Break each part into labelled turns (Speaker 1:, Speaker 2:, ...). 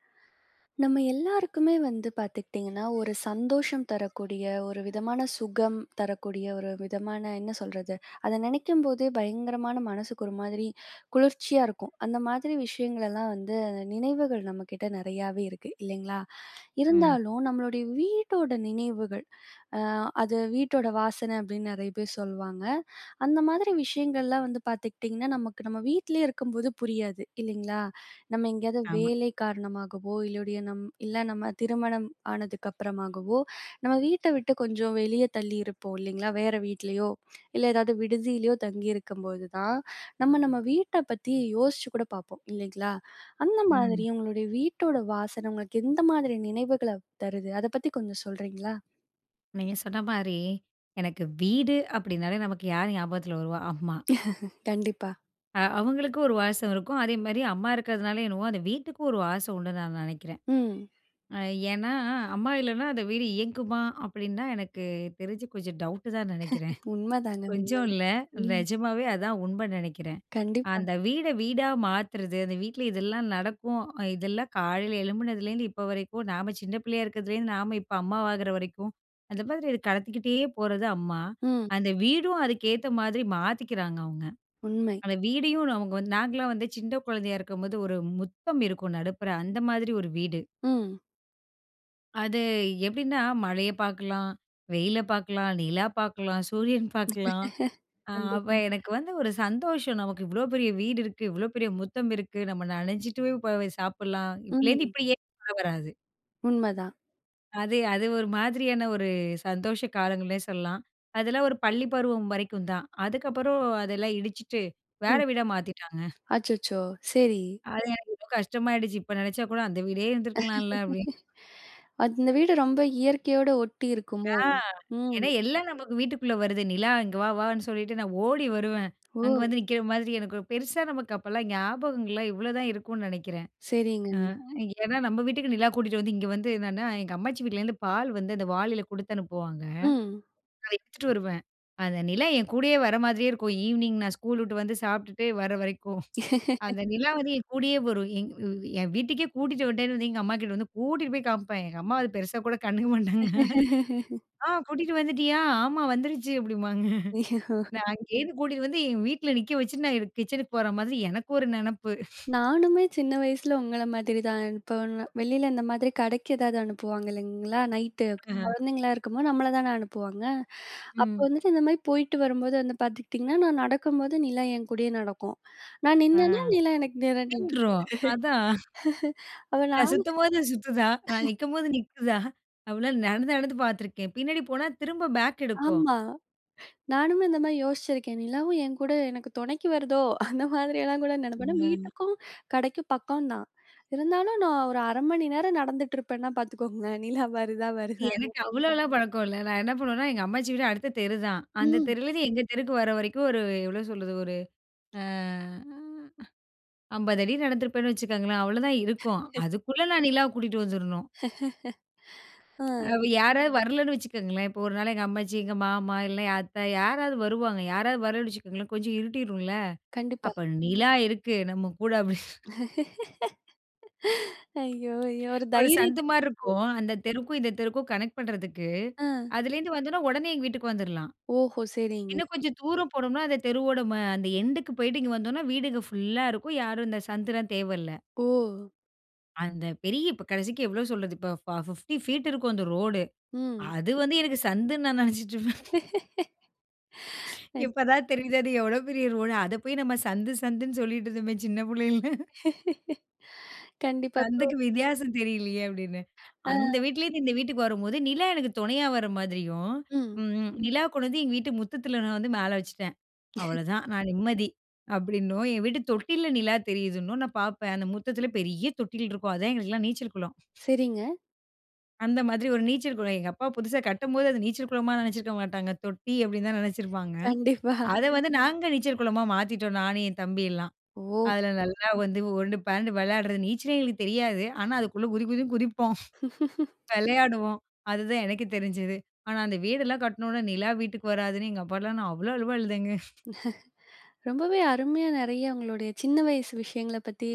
Speaker 1: நம்ம எல்லாருக்குமே வந்து பாத்துக்கிட்டிங்கன்னா, ஒரு சந்தோஷம் தரக்கூடிய, ஒரு விதமான சுகம் தரக்கூடிய ஒரு விதமான என்ன சொல்றது? அத நெனைக்கும்போதே பயங்கரமான மனசுக்கு ஒரு மாதிரி குளிர்ச்சியா இருக்கும். அந்த மாதிரி விஷயங்களெல்லாம் வந்து நினைவுகள் நம்மகிட்ட நெறையாவே இருக்கு இல்லைங்களா?
Speaker 2: ம்.
Speaker 1: இருந்தாலும் நம்மளுடைய வீட்டோட நினைவுகள், அ அது வீட்டோட வாசன அப்பிடின்னு நெறைய பேர் சொல்வாங்க. அந்த மாதிரி விஷயங்கள்லாம் வந்து பாத்துக்கிட்டிங்கன்னா நமக்கு நம்ம வீட்லேயே இருக்கும்போது புரியாது இல்லங்களா? நம்ம எங்கேயாவது
Speaker 2: ஆமா.
Speaker 1: வேலை காரணமாகவோ இல்லையோடிய, நம்ம இல்ல நம்ம திருமணம் ஆனதுக்கு அப்புறமாகவோ நம்ம வீட்ட விட்டு கொஞ்சம் வெளியே தள்ளியிருப்போம் இல்லங்களா, வேற வீட்லயோ இல்ல, ஏதாவது விடுதியிலேயோ தங்கியிருக்கும்போது தான் நம்ம, நம்ம வீட்ட பத்தி யோசிச்சு கூட பாப்போம் இல்லங்களா? அந்த மாதிரி
Speaker 2: ம்.
Speaker 1: உங்களுடைய வீட்டோட வாசன உங்களுக்கு எந்த மாதிரி நினைவுகள தருது? அத பத்தி கொஞ்சம் சொல்றீங்களா?
Speaker 2: நீங்க சொன்ன மாதிரி எனக்கு வீடு அப்பிடினாலே நமக்கு யார் ஞாபகத்தில் வருவா? அம்மா.
Speaker 1: கண்டிப்பா.
Speaker 2: அ அவங்களுக்கும் ஒரு வாசம் இருக்கும். அதே மாதிரி அம்மா இருக்கறதுனால என்னமோ, அந்த வீட்டுக்கும் ஒரு வாசம் உண்டுன்னு நான் நெனைக்கிறேன்.
Speaker 1: ம்.
Speaker 2: ஏன்னா, அம்மா இல்லனா அந்த வீடு இயங்குமா? அப்பிடின்னா எனக்கு தெரிஞ்சு கொஞ்சம் டவுட்டு தான் நெனைக்கிறேன்.
Speaker 1: உண்மைதாங்க,
Speaker 2: கொஞ்சம்
Speaker 1: உண்மைதான்.
Speaker 2: இல்ல,
Speaker 1: ம்.
Speaker 2: நிஜமாவே அதான் உண்மைன்னு நெனைக்கிறேன்.
Speaker 1: கண்டிப்பா.
Speaker 2: அந்த வீட வீடா மாத்துறது, அந்த வீட்ல இதெல்லாம் நடக்கும். இதெல்லாம் காலையில் எழும்புனதுலேருந்து இப்போ வரைக்கும் நாம சின்ன பிள்ளையா இருக்கிறதுலேருந்து நாம இப்போ அம்மாவாகிற வரைக்கும், அந்த மாதிரி இது கடத்திக்கிட்டே போறது அம்மா.
Speaker 1: ம்.
Speaker 2: அந்த வீடும் அதுக்கு ஏத்த மாதிரி மாத்திக்கிறாங்க அவங்க.
Speaker 1: உண்மை.
Speaker 2: அந்த வீடையும் அவங்க வந்து நாங்களாம் வந்து சின்ன குழந்தையா இருக்கும்போது ஒரு முற்றம் இருக்கும், நடுப்புற அந்த மாதிரி ஒரு வீடு.
Speaker 1: ம்.
Speaker 2: அது எப்டின்னா மழைய பாக்கலாம், வெயில பாக்கலாம், நிலா பாக்கலாம், சூரியன் பாக்கலாம் அ அப்போ
Speaker 1: கண்டிப்பா.
Speaker 2: எனக்கு வந்து ஒரு சந்தோஷம் நமக்கு இவ்வளோ பெரிய வீடு இருக்கு. இவ்வளோ பெரிய முற்றம் இருக்கு. நம்ம நனைச்சிட்டு போய், போய் சாப்பிடலாம் இப்பலேருந்து
Speaker 1: ம்.
Speaker 2: இப்டியே உள்ள வராது.
Speaker 1: உண்மைதான்.
Speaker 2: அது அது ஒரு மாதிரியான ஒரு சந்தோஷ காலங்கள்னே சொல்லலாம். அதெல்லாம் ஒரு பள்ளி பருவம் வரைக்கும் தான், அதுக்கப்புறம் அதெல்லாம் இடிச்சுட்டு வேற
Speaker 1: ம்.
Speaker 2: வீடா மாத்திட்டாங்க.
Speaker 1: அச்சச்சோ! சரி.
Speaker 2: அது எனக்கு இவ்ளோ கஷ்டமாயிடுச்சு. இப்போ நினைச்சா கூட அந்த வீடே இருந்துருக்கலாம்ல அப்படின்னு.
Speaker 1: அந்த வீடு ரொம்ப இயற்கையோடு ஒட்டி
Speaker 2: ஆ
Speaker 1: இருக்குமோ? ம்.
Speaker 2: ஏன்னா எல்லாம் நமக்கு வீட்டுக்குள்ள வருது. நிலா இங்க வா வான்னு சொல்லிட்டு நான் ஓடி வருவேன். அங்க
Speaker 1: ஓ!
Speaker 2: வந்து நிற்கிற மாதிரி எனக்கு பெருசா நமக்கு அப்போலாம் ஞாபகங்கள்லாம் இவ்வளோதான் இருக்கும்னு நினைக்கிறேன்.
Speaker 1: சரிங்க.
Speaker 2: அ ஏன்னா நம்ம வீட்டுக்கு நிலா கூட்டிகிட்டு வந்து இங்க வந்து என்னான்னா, எங்க அம்மாச்சி வீட்லேருந்து பால் வந்து அந்த வாளியில குடுத்து அனுப்புவாங்க.
Speaker 1: ம்.
Speaker 2: அத எடுத்துட்டு வருவேன். அந்த நிலா என் கூடயே வர மாதிரியே இருக்கும் ஈவினிங் நான் ஸ்கூல் விட்டு வந்து சாப்பிட்டுட்டு வர வரைக்கும். அந்த நிலா வந்து என் கூடயே வரும் எ என் வீட்டுக்கே கூட்டிகிட்டு வந்துட்டேன்னு வந்து எங்க அம்மா கிட்ட வந்து கூட்டிட்டு போய் காமிப்பேன். எங்க அம்மா வந்து பெருசா கூட கண்டுக்க மாட்டாங்க. ஆ கூட்டிட்டு வந்துட்டியா, ஆமா வந்துடுச்சு. அப்படிம்பாங்க நான் அங்கேருந்து கூட்டிட்டு வந்து எங்க வீட்டில் நிற்க வச்சுட்டு நான் கிச்சனுக்கு போற மாதிரி எனக்கு ஒரு நெனப்பு.
Speaker 1: நானுமே சின்ன வயசுல உங்கள்ல மாதிரி தான் அனுப்ப வெளியில இந்த மாதிரி கடைக்கு ஏதாவது அனுப்புவாங்க இல்லங்களா, நைட்டு.
Speaker 2: அ.
Speaker 1: குழந்தைங்களா இருக்கும்போது நம்மள தானே அனுப்புவாங்க. அப்போ
Speaker 2: ம்.
Speaker 1: வந்துட்டு இந்த மாதிரி போயிட்டு வரும்போது வந்து பாத்துக்கிட்டிங்கன்னா, நான் நடக்கும்போது நீலா என் கூடயே நடக்கும். நான்
Speaker 2: அ.
Speaker 1: நின்னேனா நீலா எனக்கு நேரா நின்னுடும்.
Speaker 2: நின்றும் அதான்.
Speaker 1: அப்ப
Speaker 2: நான்
Speaker 1: நான்
Speaker 2: சுத்தும்போது சுத்துதா, நான் நிற்கும்போது நிக்குதா அப்படி நடந்து நடந்து பாத்திருக்கிறேன். பின்னாடி போனா திரும்ப பேக் எடுக்கும்.
Speaker 1: ஆமா, நானுமே இந்த மாதிரி யோசிச்சிருக்கேன். நிலாவும் என்கூட எனக்கு துணைக்கு வருதோ அந்த மாதிரியெல்லாம் கூட நெனைப்பேன்
Speaker 2: ம்.
Speaker 1: வீட்டுக்கும் கடைக்கும் பக்கம் தான், இருந்தாலும் நான் ஒரு 0.5 நேரம் நடந்துட்டுருப்பேனா பாத்துக்கோங்களேன் நிலா வருதா வருதான்னு.
Speaker 2: எனக்கு அவ்வளோலாம் பழக்கம் இல்ல, நான் என்ன பண்ணுவேன்னா எங்க அம்மாச்சி வீடு அடுத்த தெரு தான். அந்த
Speaker 1: ம்.
Speaker 2: தெருலேருந்து எங்க தெருக்கு வர, வரைக்கும் ஒரு எவ்வளோ சொல்றது ஒரு அ 50 அடி நடந்திருப்பேன்னு வச்சுக்கோங்களேன் அவ்வளோதான் இருக்கும். அதுக்குள்ள நான் நிலாவ கூட்டிட்டு வந்துடணும்.
Speaker 1: ஆ.
Speaker 2: அவ யாராவது வரலன்னு வச்சுக்கோங்களேன். இப்ப ஒரு நாள் எங்க அம்மாச்சி, எங்க மாமா இல்ல, அத்தை யாராவது வருவாங்க. யாராவது வரலைன்னு வச்சுக்கோங்களேன் கொஞ்சம் இருட்டிடும்ல
Speaker 1: கண்டிப்பா.
Speaker 2: அப்போ நிலா இருக்கு, நம்ம கூட. அப்டீன்னு
Speaker 1: ஐயோ ஐயோ! ஒரு
Speaker 2: ஒரு
Speaker 1: தைரியத்த
Speaker 2: சந்து மாதிரி இருக்கும். அந்த தெருக்கும், இந்த தெருக்கும் கனெக்ட் பண்ணுவதற்கு.
Speaker 1: அ.
Speaker 2: அதில இருந்து வந்தோம்ன்னா உடனே எங்க வீட்டுக்கு வந்துடுலாம்.
Speaker 1: ஓஹோ! சரிங்க.
Speaker 2: இன்னும் கொஞ்சம் தூரம் போனோம்னா, அந்த தெருவோட அந்த எண்டுக்கு போய்ட்டு இங்கே வந்தோம்னா வீடுங்க ஃபுல்லா இருக்கும். யாரும் இந்த சந்துல தேவல்ல.
Speaker 1: ஓ!
Speaker 2: அந்த பெரிய இப்ப கடைசிக்கு எவ்வளோ சொல்றது, இப்போ ஃபா 50 பீட் இருக்கும் அந்த ரோடு.
Speaker 1: ம்.
Speaker 2: அது வந்து எனக்கு சந்துன்னு நான் நெனைச்சுட்டுருப்பேன்.
Speaker 1: கண்
Speaker 2: இப்ப தான் தெரியுது அது எவ்வளோ பெரிய ரோடு, அத போய் நம்ம சந்து சந்துன் சொல்லிட்டு இருந்தோமே சின்ன புள்ளைல.
Speaker 1: கண்டிப்பா. இப்போ
Speaker 2: சந்துக்கு வித்தியாசம் தெரியலையே அப்டின்னு.
Speaker 1: ஆ.
Speaker 2: அந்த வீட்லேருந்து இந்த வீட்டுக்கு வரும்போது நிலா எனக்கு துணையா வர மாதிரியும்
Speaker 1: ம்.
Speaker 2: ம், ம். நிலா கொண்டந்து எங்க வீட்டு முத்தத்தில நான் வந்து மேல வச்சுட்டேன். அவ்வளோதான் நான் நிம்மதி அப்டின்னும், என் வீட்டு தொட்டில நிலா தெரியுதுன்னும் நான் பாப்பேன். அந்த முத்தத்தில பெரிய தொட்டில் இருக்கும். அதேன் எங்களுக்கெல்லாம் நீச்சல் குளம்.
Speaker 1: சரிங்க.
Speaker 2: அந்த மாதிரி ஒரு நீச்சல் குளம். எங்க அப்பா புதுசா கட்டும்போது அது நீச்சல் குளமா நெனைச்சிருக்க மாட்டாங்க. தொட்டி அப்டின்னு தான் நெனைச்சிருப்பாங்க.
Speaker 1: கண்டிப்பா.
Speaker 2: அத வந்து நாங்க நீச்சல் குளமா மாத்திட்டோம். நானு என் தம்பியெல்லாம்.
Speaker 1: ஓ!
Speaker 2: அதில நல்லா வந்து உருண்டு பெரண்டு விளையாடுறது. நீச்சலே எங்களுக்கு தெரியாது. ஆனா அதுக்குள்ள குதி குதின் குதிப்போம். விளையாடுவோம். அதுதான் எனக்கு தெரிஞ்சுது. ஆனா, அந்த வீடெல்லாம் கட்னோன்னே நிலா வீட்டுக்கு வராதுன்னு, எங்க அப்பாலாம், நான் அவ்வளோ அழுவ அழுதேங்க.
Speaker 1: ரொம்பவே அருமையா நெறைய உங்களுடைய சின்ன வயசு விஷயங்கள பத்தி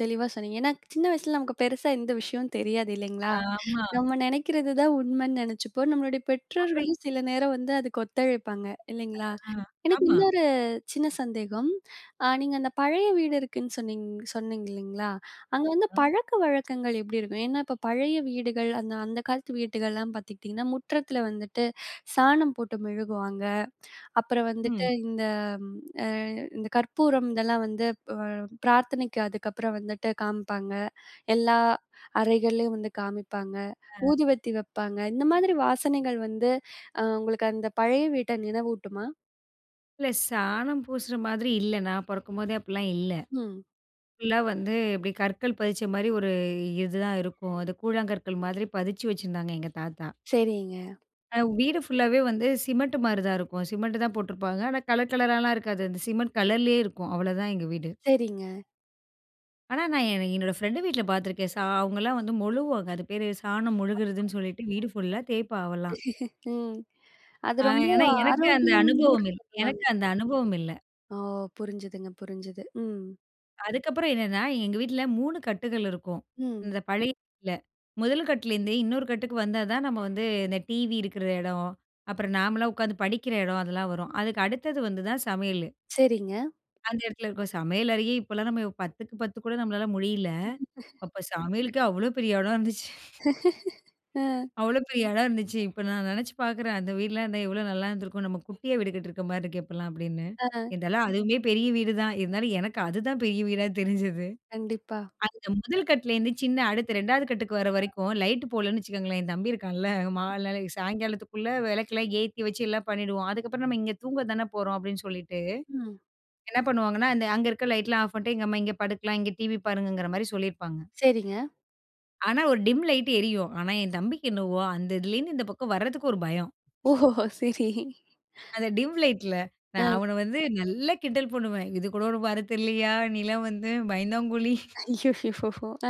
Speaker 1: தெளிவா சொன்னீங்க. ஏன்னா, சின்ன வயசல நமக்கு பெருசா எந்த விஷயமும் தெரியாது இல்லைங்களா?
Speaker 2: ஆமா.
Speaker 1: நம்ம நெனைக்கிறது தான் உண்மன்னு நெனைச்சுப்போம். நம்மளுடைய
Speaker 2: அப்டி
Speaker 1: பெற்றோர்களும் சில நேரம் வந்து அதுக்கு ஒத்துழைப்பாங்க. இல்லைங்களா,
Speaker 2: அ.
Speaker 1: எனக்கு
Speaker 2: ஆமா.
Speaker 1: இன்னொரு சின்ன சந்தேகம். அ நீங்க அந்த பழைய வீடு இருக்குன்னு சொன்னிங் சொன்னிங்க இல்லைங்களா, அங்க வந்து
Speaker 2: அ, அ.
Speaker 1: பழக்க வழக்கங்கள் எப்டி இருக்கும்? ஏன்னா, இப்ப பழைய வீடுகள், அந்த அந்த காலத்து வீடுகள்லாம் பாத்துக்கிட்டீங்கன்னா, முற்றத்தில வந்துட்டு சாணம் போட்டு மொழுகுவாங்க. அப்புறம் வந்துட்டு
Speaker 2: ம்.
Speaker 1: இந்த ம் அ இந்த கற்பூரம் இதெல்லாம் வந்து ப் பிரார்த்தனைக்கு அதுக்கப்புறம் வந்துட்டு காம்ப்பாங்க. எல்லா அறைகள்லேயும் வந்து காமிப்பாங்க.
Speaker 2: அ.
Speaker 1: ஊதுவத்தி வெப்பாங்க. இந்த மாதிரி வாசனைகள் வந்து அ உங்களுக்கு அந்த பழைய வீட்ட நினைவூட்டுமா?
Speaker 2: இல்ல. சாணம் பூசுற மாதிரி இல்ல. நான் பொறக்கும்போதே அப்பிடிலாம் இல்ல.
Speaker 1: ம்.
Speaker 2: ஃபுல்லா வந்து இப்பிடி கற்கள் பதிச்சமாரி ஒரு இது தான் இருக்கும். அது கூழாங்கற்கள் மாதிரி பதிச்சி வச்சிருந்தாங்க எங்க தாத்தா!
Speaker 1: சரிங்க.
Speaker 2: அ வீடு ஃபுல்லாவே வந்து சிமெண்ட் மாரிதான் இருக்கும். சிமெண்ட்டு தான் போட்டுருப்பாங்க. ஆனா, கலர் கலரலாம் இருக்காது. அந்த சிமெண்ட் கலர்லேயே இருக்கும். அவ்ளதான் எங்க வீடு.
Speaker 1: சரிங்க.
Speaker 2: ஆனா, நான் என என்னோட ஃப்ரெண்டு வீட்ல பார்த்துருக்கேன். சா அவுங்கள்லாம் வந்து மொழுகுவாங்க. அது பேரு சாணம்
Speaker 1: அ,
Speaker 2: மொழுகுறதுன்னு சொல்லிட்டு வீடு ஃபுல்லா தேய்ப்பா அவள்லாம்.
Speaker 1: ம். அது
Speaker 2: ஆ
Speaker 1: ரொம்ப
Speaker 2: ஏனா எனக்கு அந்த
Speaker 1: ஆரோக்கியம்னு கூட
Speaker 2: அனுபவம் இல்
Speaker 1: சொல்லுவாங்க.
Speaker 2: எனக்கு அந்த அனுபவம் இல்ல.
Speaker 1: ஓ! புரிஞ்சிதுங்க. புரிஞ்சுது. ம்.
Speaker 2: அதுக்கப்பறம் என்னன்னா, எங்க வீட்ல 3 கட்டுகள் இருக்கும்.
Speaker 1: ம்.
Speaker 2: இந்த பழைய வீட்ல. முதல் கட்லருந்தே இன்னொரு கட்டுக்கு வந்தா தான் நம்ம வந்து இந்த டிவி இருக்கிற எடம், அப்பறம் நாமல்லாம் உட்காந்து படிக்கிற எடம். அதெல்லாம் வரும். அதுக்கு அடுத்தது வந்து தான் சமையலு.
Speaker 1: சரிங்க.
Speaker 2: அந்த இடத்துல இருக்கும், சமையல் அறையே இப்பல்லாம் நம்ம 10க்கு 10 கூட நம்மளால முடியல. அப்போ சமையலுக்கே அவ்ளோ பெரிய இடம் இருந்துச்சு.
Speaker 1: அ.
Speaker 2: அவ்ளோ பெரிய எடம் இருந்துச்சு. இப்ப நான் நெனைச்சு பார்க்கிறேன். "அந்த வீடுலாம் இருந்தா எவ்ளோ நல்லா இருந்துருக்கும்!" நம்ம குட்டியா விடு கட்டிருக்கிற மாரி இருக்கே! இப்பல்லாம் அப்பிடின்னு,
Speaker 1: ஆ.
Speaker 2: இருந்தாலும் அதுவுமே பெரிய வீடு தான். இருந்தாலும் எனக்கு அதுதான் பெரிய வீடா தெரிஞ்சது.
Speaker 1: கண்டிப்பா.
Speaker 2: அந்த முதல் கட்லேருந்து சின்ன அடுத்து 2வது கட்டுக்கு வர்ற வரைக்கும் லைட் போடலன்னு வச்சுக்கோங்களேன்! என் தம்பி இருக்கான்ல மால் நாளை சாயங்காலத்துக்குள்ளே விளக்கெல்லாம் ஏத்தி வச்சு எல்லாம் பண்ணிடுவோம். அதுக்கப்பறம் நம்ம "இங்க தூங்க தான போறோம்" அப்பிடின்னு சொல்லிட்டு,
Speaker 1: ம்.
Speaker 2: என்ன பண்ணுவாங்கன்னா அந்த அங்க இருக்க லைட்லாம் ஆஃப் பண்ட்டு, எங்க அம்மா இங்க படுக்கலாம், இங்க டிவி பாருங்கங்கிறமாரி சொல்லியிருப்பாங்க.
Speaker 1: சரிங்க.
Speaker 2: ஆனா ஒரு டிம் லைட் எரியும். ஆனா என் தம்பிக்கு என்னவோ, அந்த இதுலேருந்து இந்த பக்கம் வர்றதுக்கு ஒரு பயம்.
Speaker 1: ஓ சரி.
Speaker 2: அந்த டிம் லைட்ல
Speaker 1: அ.
Speaker 2: நான் அவன வந்து நல்லா கிண்டல் பண்ணுவேன். இது கூட உனக்கு வரத் தெரியலையா? நீலாம் வந்து பயந்தாங்குளி.
Speaker 1: ஐயோயோ! ஆ.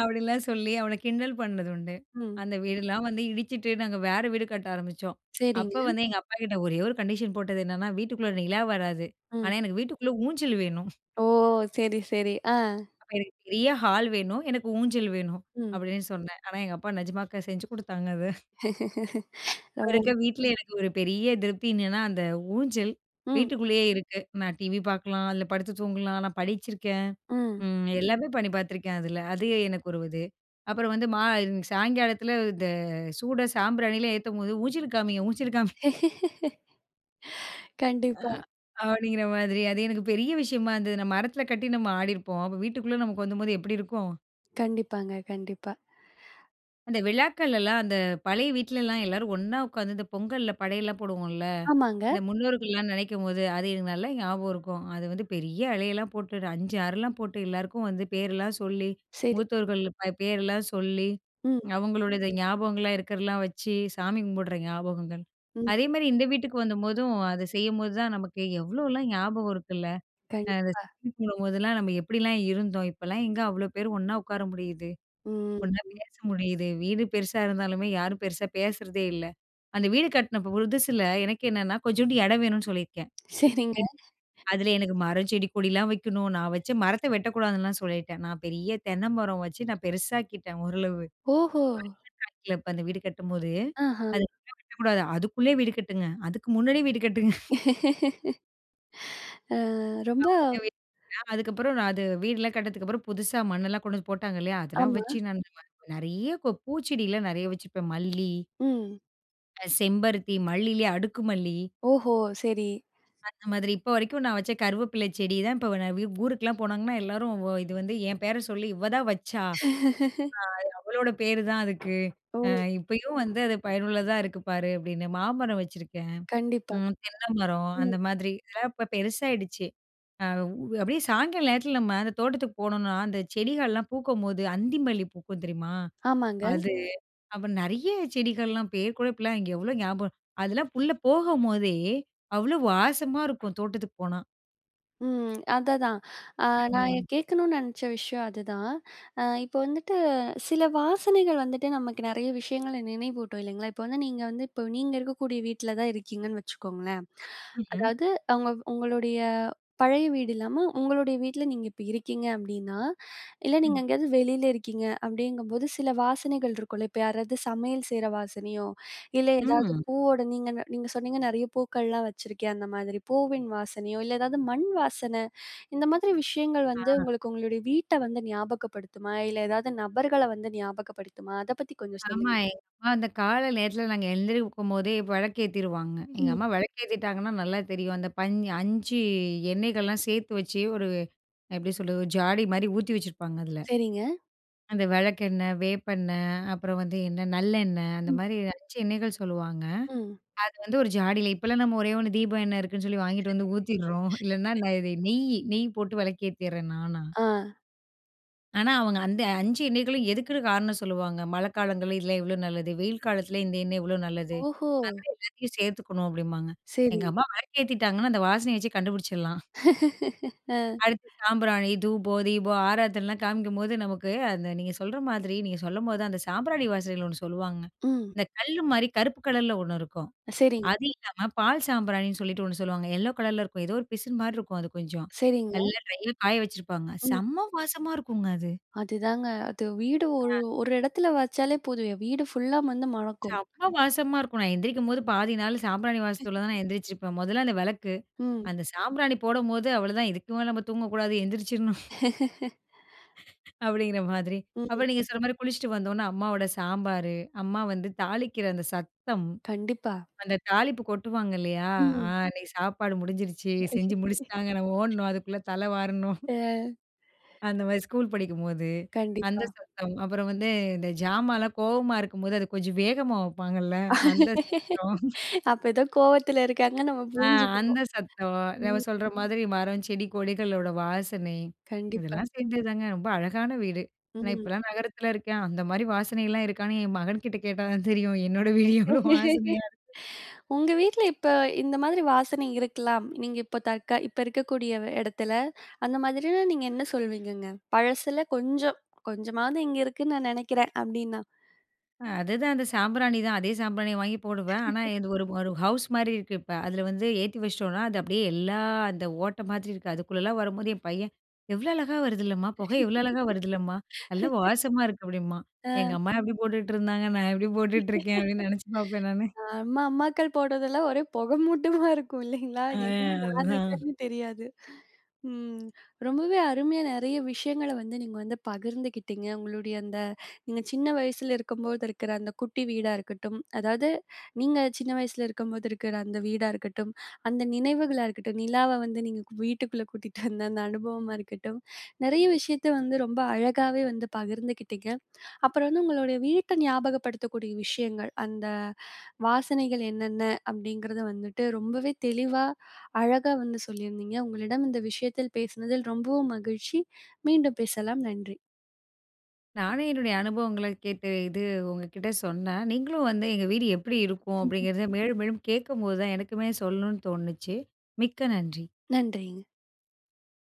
Speaker 2: அப்படின்லாம் சொல்லி அவன கிண்டல் பண்ணது உண்டு.
Speaker 1: ம்.
Speaker 2: அந்த வீடுலாம் வந்து இடிச்சுட்டு நாங்க வேற வீடு கட்ட ஆரம்பிச்சோம்.
Speaker 1: சரிங்க.
Speaker 2: அப்ப வந்து எங்க அப்பாகிட்ட ஒரே ஒரு கண்டிஷன் போட்டது என்னன்னா, வீட்டுக்குள்ளே நிலா வராது ஆனா
Speaker 1: ம்.
Speaker 2: எனக்கு வீட்டுக்குள்ள ஊஞ்சல் வேணும்.
Speaker 1: ஓ சரி, சரி, ஆ.
Speaker 2: அப்ப எனக்கு பெரிய ஹால் வேணும். எனக்கு ஊஞ்சல் வேணும்
Speaker 1: ம்.
Speaker 2: அப்டின்னு சொன்னேன். ஆனா எங்க அப்பா நிஜமா க செஞ்சு குடுத்தாங்க அது. இப்ப
Speaker 1: ரொம்ப.
Speaker 2: இருக்கிற வீட்ல எனக்கு ஒரு பெரிய திருப்தி என்னன்னா, அந்த ஊஞ்சல்
Speaker 1: ம்.
Speaker 2: வீட்டுக்குள்ளேயே இருக்கு. நான் டிவி பார்க்கலாம் அதில படுத்து தூங்கலாம், நான் படிச்சிருக்கேன்.
Speaker 1: ம்.
Speaker 2: ம் எல்லாமே பண்ணி பார்த்துருக்கேன் அதில. அது எனக்கு ஒரு இது. அப்புறம் வந்து மா சாயங்காலத்தில இந்த சூடம் சாம்பிராணியிலாம் ஏத்தும்போது, ஊஞ்சல்க்கு காமிங்க, ஊஞ்சல்க்கு காமி. ஆ.
Speaker 1: கண்டிப்பா.
Speaker 2: அப்டிங்கிற மாரி அது எனக்கு பெரிய விஷயமா இருந்தது. நான் மரத்தில கட்டி நம்ம ஆடியிருப்போம். அப்ப வீட்டுக்குள்ள நமக்கு வந்தபோது எப்படி இருக்கும்!
Speaker 1: கண்டிப்பாங்க கண்டிப்பா.
Speaker 2: அந்த விழாக்கள் எல்லாம் அந்த பழைய வீட்லலாம் எல்லாரும் ஒன்னா உட்காந்து இந்த பொங்கல்ல படையல்லாம் போடுவோம்ல.
Speaker 1: ஆமாங்க.
Speaker 2: அந்த முன்னோர்கள்லாம், நெனைக்கும்போது அது எனக்கு நல்லா ஞாபகம் இருக்கும். அது வந்து பெரிய இலையெல்லாம் போட்டு 5, 6 போட்டு எல்லாருக்கும் வந்து பேர்லாம் சொல்லி
Speaker 1: சரி.
Speaker 2: மூத்தவர்கள் ப பேருலாம் சொல்லி,
Speaker 1: ம்.
Speaker 2: அவுங்களுடையத ஞாபகங்கள்லாம் இருக்கிறதலாம் வச்சு, சாமி கும்பிடுற ஞாபகங்கள்.
Speaker 1: ம்.
Speaker 2: அதேமாரி இந்த வீட்டுக்கு வந்த போதும் அத செய்யும்போது தான் நமக்கு எவ்ளோலாம் ஞாபகம் இருக்குல்ல. அ அந்த
Speaker 1: கண்டிப்பா.
Speaker 2: சாமி போடும் போதெல்லாம் நம்ம எப்டிலாம் இருந்தோம். இப்பல்லாம் எங்க அவ்ளோ பேரு ஒன்னா உட்கார முடியுது?
Speaker 1: ம்,
Speaker 2: ஒன்னா
Speaker 1: ம்.
Speaker 2: பேச முடியுது, வீடு பெருசா இருந்தாலுமே, யாரும் பெருசா பேசுறதே இல்ல. அந்த வீடு கட்ன ப் புதுசில எனக்கு என்னன்னா, கொஞ்சோன்டு இடம் வேணுன்னு சொல்லியிருக்கேன்
Speaker 1: சரிங்க.
Speaker 2: [unintelligible] அதில எனக்கு மரம், செடி, கொடிலாம் வைக்கணும். நான் வச்ச மரத்த வெட்டக்கூடாதுன்னுலாம் சொல்லிட்டேன். நான் பெரிய தென்னை மரம் வச்சு நான் பெருசாக்கிட்டேன் ஓரளவு.
Speaker 1: ஓஹோ!
Speaker 2: [unintelligible] இப்ப அந்த வீடு கட்டும்போது.
Speaker 1: ஆஹ.
Speaker 2: அது எப்பயும் வெட்டக்கூடாது அதுக்குள்ள வீடு கட்டுங்க. அதுக்கு முன்னாடியே வீடு கட்டுங்க.
Speaker 1: அ, ரொம்ப
Speaker 2: [unintelligible] அதுக்கப்பறம் நான் அது வீடுல்லாம் கட்டுனதுக்கப்புறம் புதுசா மண்ணெல்லாம் கொண்டு வந்து போட்டாங்க இல்லயா! அதெல்லாம்
Speaker 1: ஆமா.
Speaker 2: வச்சு நான் [unintelligible] நெறைய ப பூச்செடியிலாம் நெறைய வச்சுப்பேன், மல்லி
Speaker 1: ம்.
Speaker 2: அ செம்பருத்தி. மல்லிலயே அடுக்கு மல்லி.
Speaker 1: ஓஹோ! சரி.
Speaker 2: அந்த மாதிரி. இப்போ வரைக்கும் நான் வச்ச கருவேப்பில செடி தான் இப்ப நான் வு ஊருக்குலாம் போனாங்கன்னா, எல்லாரும் வ "இது வந்து, என் பேர சொல்லி இவ தான் வச்சா! அ அது அவளோட பேரு தான் அதுக்கு. அ
Speaker 1: ஓ!
Speaker 2: இப்பயும் வந்து, அது பயனுள்ளதா இருக்கு பாரு!" அப்பிடின்னு மாமரம் வச்சிருக்கேன்,
Speaker 1: கண்டிப்பா.
Speaker 2: ம் தென்னை மரம்
Speaker 1: ம்.
Speaker 2: அந்த மாதிரி. இதெல்லாம் இப்ப பெருசாயிடுச்சு. அ உ அப்பிடியே சாய்ங்காலம் நேரத்தில நம்ம அந்த தோட்டத்துக்கு போனோம்னா, அந்த செடிகள்லாம் பூக்கும்போது அந்தி மல்லி பூக்கும் தெரியுமா?
Speaker 1: ஆமாங்க.
Speaker 2: அது. அப்புறம் நிறைய செடிகள்லாம் பேரு கூட இப்பெல்லாம் இங்க எவ்ளோ ஞாப அதெல்லாம் உள்ள போகும்போதே! அவ்ளோ வாசமா இருக்கும், தோட்டத்துக்கு போனா.
Speaker 1: ம். அதைதான். அ நான் எ
Speaker 2: ம்.
Speaker 1: கேட்கணும்ன்னு நினைச்ச விஷயம் அது தான். அ இப்ப வந்துட்டு சில வாசனைகள் வந்துட்டு நமக்கு நிறைய விஷயங்கள நினைவூட்டும். இல்லைங்களா! இப்ப வந்து நீங்க வந்து இப்ப நீங்க இருக்கக்கூடிய வீட்ல தான் இருக்கீங்கன்னு வச்சுக்கோங்களேன்.
Speaker 2: ம்ஹ்ம்.
Speaker 1: அதாவது அவுங்க உங்களுடைய பழைய வீடு இல்லாம, உங்களுடைய வீட்ல நீங்க இப்ப இருக்கீங்க. அப்பிடின்னா, இல்ல நீங்க
Speaker 2: ம்.
Speaker 1: எங்கேயாவது வெளில இருக்கீங்க. அப்பிடிங்கும்போது, சில வாசனைகள் இருக்கும்ல! இப்ப யாராவது சமையல் செய்ற வாசனையோ! இல்ல ஏதாவது
Speaker 2: ம்.
Speaker 1: பூவோட நீங்க நீங்க சொன்னீங்க, "நிறைய பூக்கள்லாம் வச்சுருக்கேன்." அந்த மாதிரி பூவின் வாசனையோ, இல்ல எதாவது மண் வாசனை, இந்த மாதிரி விஷயங்கள்
Speaker 2: ஆ.
Speaker 1: வந்து உங்களுக்கு உங்களுடைய வீட்ட வந்து ஞாபகப்படுத்துமா? இல்ல எதாவது நபர்கள வந்து ஞாபகப்படுத்துமா? அத பத்தி கொஞ்சம்
Speaker 2: ஆமா.
Speaker 1: சொல்லுங்க.
Speaker 2: எங்க அம்மா, அந்த கால நேரத்தில நாங்க எழுந்திரிக்கும்போதே விளக்கு ஏத்திருவாங்க. எங்க
Speaker 1: ம்.
Speaker 2: அம்மா விளக்கு ஏத்திட்டாங்கன்னா நல்லா தெரியும். அந்த பஞ் 5 எண்ணெய்கள்லாம் சேர்த்து வச்சு ஒரு அ எப்பிடி சொல்றது? ஒரு ஜாடிமாரி ஊத்தி வச்சிருப்பாங்க, அதில.
Speaker 1: சரிங்க.
Speaker 2: அந்த விளக்கெண்ணெய், வேப்பெண்ணெய், அப்பறம் வந்து என்ன, நல்லெண்ணெய்.
Speaker 1: ம்.
Speaker 2: அந்தமாரி 5 எண்ணெய்கள் சொல்லுவாங்க.
Speaker 1: ம்.
Speaker 2: அது வந்து ஒரு ஜாடில இப்பெல்லாம் நம்ம ஒரே ஒண்ணு, தீபம் எண்ணெய் இருக்குன்னு சொல்லி வாங்கிட்டு வந்து ஊத்திர்றோம். இல்லன்னா, இது நெய், நெய் போட்டு விளக்கு ஏத்திறேன் நானா.
Speaker 1: ஆ.
Speaker 2: ஆனா அவங்க அந்த 5 எண்ணெய்களும் எதுக்குன்னு காரணம் சொல்லுவாங்க. மழைக்காலங்கள்ல இதில இவ்ளோ நல்லது? வெயில் காலத்துல இந்த எண்ணெய் இவ்வளோ நல்லது?
Speaker 1: ஓஹோ!
Speaker 2: அத எல்லாத்தையும் சேர்த்துக்கணும் அப்படிம்பாங்க.
Speaker 1: சரி.
Speaker 2: எங்க அம்மா வெளக்கு ஏத்திட்டாங்கன்னா அந்த வாசனைய வச்சே கண்டுபிடிச்சிடலாம்.
Speaker 1: ஆ.
Speaker 2: அடுத்து சாம்பிராணி, தூபம், தீபம், ஆராத்தனலாம் காமிக்கும்போது நமக்கு அந்த நீங்க சொல்ற மாதிரி, நீங்க சொல்லும்போது தான் அந்த சாம்பிராணி வாசனகள் ஒண்ணு சொல்லுவாங்க.
Speaker 1: ம்.
Speaker 2: இந்த கல்லு மாதிரி கருப்பு கலர்ல ஒண்ணு இருக்கும்.
Speaker 1: அ சரிங்
Speaker 2: அது இல்லாம பால் சாம்பிராணின்னு சொல்லிட்டு ஒண்ணு சொல்லுவாங்க, எல்லோ கலர்ல இருக்கும். ஏதோ ஒரு பிசின் மாதிரி இருக்கும் அது கொஞ்சம்.
Speaker 1: சரிங்க.
Speaker 2: நல்லா ட்ரையா காய வச்சிருப்பாங்க.
Speaker 1: ம்.
Speaker 2: செம்ம வாசமா இருக்குங்க அது.
Speaker 1: அதுதாங்க. அது வீடு ஒரு
Speaker 2: அ.
Speaker 1: ஒரு இடத்துல வச்சாலே போதும், வீடு ஃபுல்லா வந்து மணக்கும்.
Speaker 2: செம்ம வாசமா இருக்கும். நான் எந்திரிக்கும்போது பாதி நாள் சாம்பிராணி வாசத்துல தான் நான் எந்திரிச்சிருப்பேன். மொதல்ல அந்த விளக்கு,
Speaker 1: ம்.
Speaker 2: அந்த சாம்பிராணி போடும்போது அவ்ளதான் இதுக்குமேல நம்ம தூங்க கூடாது எந்திரிச்சிடணும். அப்படிங்கிற மாதிரி. அப்போ
Speaker 1: ம்ஹ்ம்.
Speaker 2: நீங்க சொல்ற மாதிரி குளித்துவிட்டு வந்தோன அம்மாவோட சாம்பாரு அம்மா வந்து தாளிக்கிற அந்த சத்தம்.
Speaker 1: கண்டிப்பா.
Speaker 2: அந்த தாலிப்பு கொட்டுவாங்க இல்லையா? ஆ
Speaker 1: ம்.
Speaker 2: அன்னைக்கு சாப்பாடு முடிஞ்சிருச்சு, செஞ்சு முடிச்சிட்டாங்க நம்ம ஓடணும், அதுக்குள்ள தல வாரணும்.
Speaker 1: அ.
Speaker 2: அந்த மாரி ஸ்கூல் படிக்கும்போது, அந்த
Speaker 1: கண்டிப்பா.
Speaker 2: சத்தம். அப்புறம் வந்து இந்த ஜாமான்லாம் கோவமா இருக்கும்போது அத கொஞ்சம் வேகமா வைப்பாங்கல்ல அந்த சத்தம்.
Speaker 1: அப்ப ஏதோ கோவத்துல இருக்காங்கன்னு நம்ம
Speaker 2: ஆ அந்த
Speaker 1: புரிஞ்சிக்கனும்.
Speaker 2: சத்தம். அவ
Speaker 1: ம்.
Speaker 2: சொல்ற மாதிரி, மரம், செடி, கொடிகளோட வாசனை.
Speaker 1: கண்டிப்பா.
Speaker 2: இதெல்லாம் சேர்ந்தது தாங்க ரொம்ப அழகான வீடு. ஆனா
Speaker 1: ம்.
Speaker 2: இப்போலாம் நகரத்தில இருக்கேன் அந்த மாதிரி வாசனைலாம் இருக்கான்னு என் மகன்கிட்ட கேட்டா தான் தெரியும். என்னோட வீடு எவ்வளோ வாசனையா இருக்கு.
Speaker 1: உங்க வீட்ல இப்ப இந்த மாதிரி வாசனை இருக்கலாம். நீங்க இப்போ தற்க இப்ப இருக்கக்கூடிய எடத்துல? அந்த மாதிரி நீங்க என்ன சொல்வீங்கங்க? பழசில கொஞ்சம் கொஞ்சமாவது இங்க இருக்குனு நான் நினைக்கிறேன்? அப்படினா.
Speaker 2: அ அதுதான் அந்த சாம்பிராணி தான். அதே சாம்பிராணிய வாங்கி போடுவேன். ஆனா, இது ஒரு ஒரு ஹவுஸ்மாரி இருக்கு இப்ப. அதில வந்து ஏத்தி வச்சுட்டோன்னா, அது அப்டியே எல்லா அந்த ஓட்ட மாதிரி இருக்கு, அதுக்குள்ளலாம் வரும்போது என் பையன் எவ்ள அழகா வருதுல்லம்மா! புகை எவ்ள அழகா வருதுல்லம்மா! நல்லா வாசமா இருக்கு அப்டிம்பான்.
Speaker 1: ஆ.
Speaker 2: எங்க அம்மா எப்டி போட்டுட்டுருந்தாங்க, நான் எப்டி போட்டுட்டு இருக்கேன்? அப்டின்னு நெனைச்சு பார்ப்பேன் நானு.
Speaker 1: நம்ம அம்மாக்கள் போடுவதெல்லாம் ஒரே புகைமூட்டமா இருக்கும் இல்லேங்களா!
Speaker 2: ஆ
Speaker 1: எங்கே யார்
Speaker 2: அதுதான்.
Speaker 1: இருக்கான்னு தெரியாது. ம். ரொம்பவே அருமையா நெறைய விஷயங்கள வந்து நீங்க வந்து பகிர்ந்துக்கிட்டீங்க. உங்களுடைய அந்த நீங்க சின்ன வயசில இருக்கும்போது இருக்கிற அந்த குட்டி வீடா இருக்கட்டும், அதாவது நீங்க சின்ன வயசில இருக்கும்போது இருக்கிற அந்த வீடா இருக்கட்டும், அந்த நினைவுகளா இருக்கட்டும், நிலாவ வந்து நீங்க வீட்டுக்குள்ள கூட்டிட்டு அந்த அந்த அனுபவமா இருக்கட்டும் நிறைய விஷயத்த வந்து ரொம்ப அழகாவே வந்து பகிர்ந்துக்கிட்டீங்க. அப்புறம் வந்து உங்களுடைய வீட்ட ஞாபகப்படுத்தக்கூடிய விஷயங்கள், அந்த வாசனைகள் என்னென்ன? அப்டிங்கிறது வந்துட்டு ரொம்பவே தெளிவா, அழகா வந்து சொல்லியிருந்தீங்க. உங்களிடம் இந்த விஷயத்தில் பேசினதில் ரொம்பவும் மகிழ்ச்சி. மீண்டும் பேசலாம். நன்றி!
Speaker 2: நானும் என்னுடைய அனுபவங்கள கேட்டு இது உங்கக்கிட்ட சொன்னேன். நீங்களும் வந்து எங்க வீடு எப்டி இருக்கும் அப்டிங்கிறத மேலும், மேலும் கேட்கும்போது தான் எனக்குமே சொல்லணுன்னு தோணுச்சு. மிக்க நன்றி!
Speaker 1: நன்றிங்க.